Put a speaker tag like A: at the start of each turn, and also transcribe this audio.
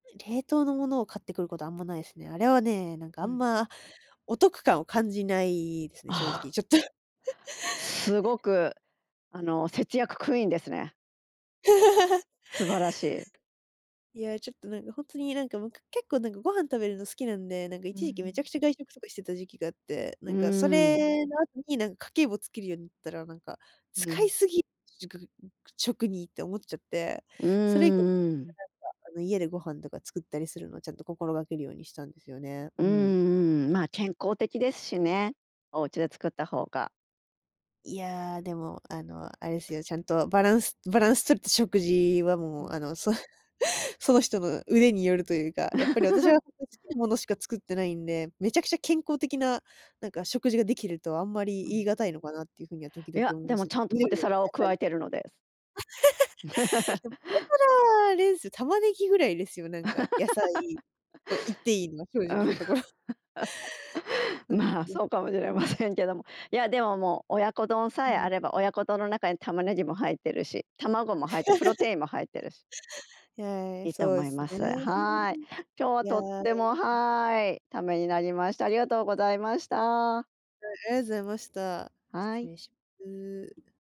A: 冷凍のものを買ってくることはあんまないですね。あれはね、なんかあ
B: う
A: ん
B: ん。
A: まお得感を感じないですね、正
B: あ
A: 直、
B: あ。
A: ちょっと。
B: すごく、あの節約クイーンですね。素晴らしい。
A: いや、ちょっとなんかほんとになんかもう結構なんかご飯食べるの好きなんで、なんか
B: う
A: 一時期めち
B: ん。
A: ゃくちゃ外食とかしてた時期があって、な
B: う
A: んかそ
B: ん。
A: れの後になんか家計簿をつけるようになったら、なんか、
B: う
A: 使い
B: ん。
A: すぎ食、ん、く食にって思っちゃって。
B: うー
A: それ以降
B: ん、うん。
A: なんか、あの、家でご飯とか作ったりするのをちゃんと心がけるようにしたんですよね。
B: う
A: うん。
B: んうん、まあ、健康的ですしね、お家で作った方が。
A: いや、でも、あの、あれですよ、ちゃんとバランスバランス取れた食事は
B: う
A: もうあ
B: ん。
A: の、そその人の腕によるというか、やっぱり私は つけるものしか作ってないんで、めちゃくちゃ健康的な、なんか食事ができるとあんまり
B: う
A: 言い
B: ん。
A: 難いのかなっていう風には時
B: い
A: 々
B: や、
A: 思い
B: で
A: ま
B: も
A: す。
B: ちゃんとポ
A: 緑
B: テ
A: の野
B: サラを加
A: 菜
B: えてるのです
A: でも、ポテサラあれですよ、玉ねぎぐらいですよ、なんか、野菜 と言っていいのは、正
B: う
A: 直
B: ん、
A: なところ。そうで
B: まあ、
A: すね。
B: そうかもしれ
A: う
B: ま
A: ん。
B: せんけども。いや、でももう、親子丼
A: う
B: さえあ
A: ん。
B: れば、親子丼の中に玉ねぎも入っているし、卵も入って、プロ テインも入っているし。
A: いえ、
B: いいと
A: そう
B: 思
A: で
B: い
A: す
B: ま
A: ね。
B: す。はい。今日は
A: いや。
B: とっても、はい、ためになりました。ありがとうございました。
A: はい、ありがとうございました。
B: は
A: 失
B: い。
A: 礼します。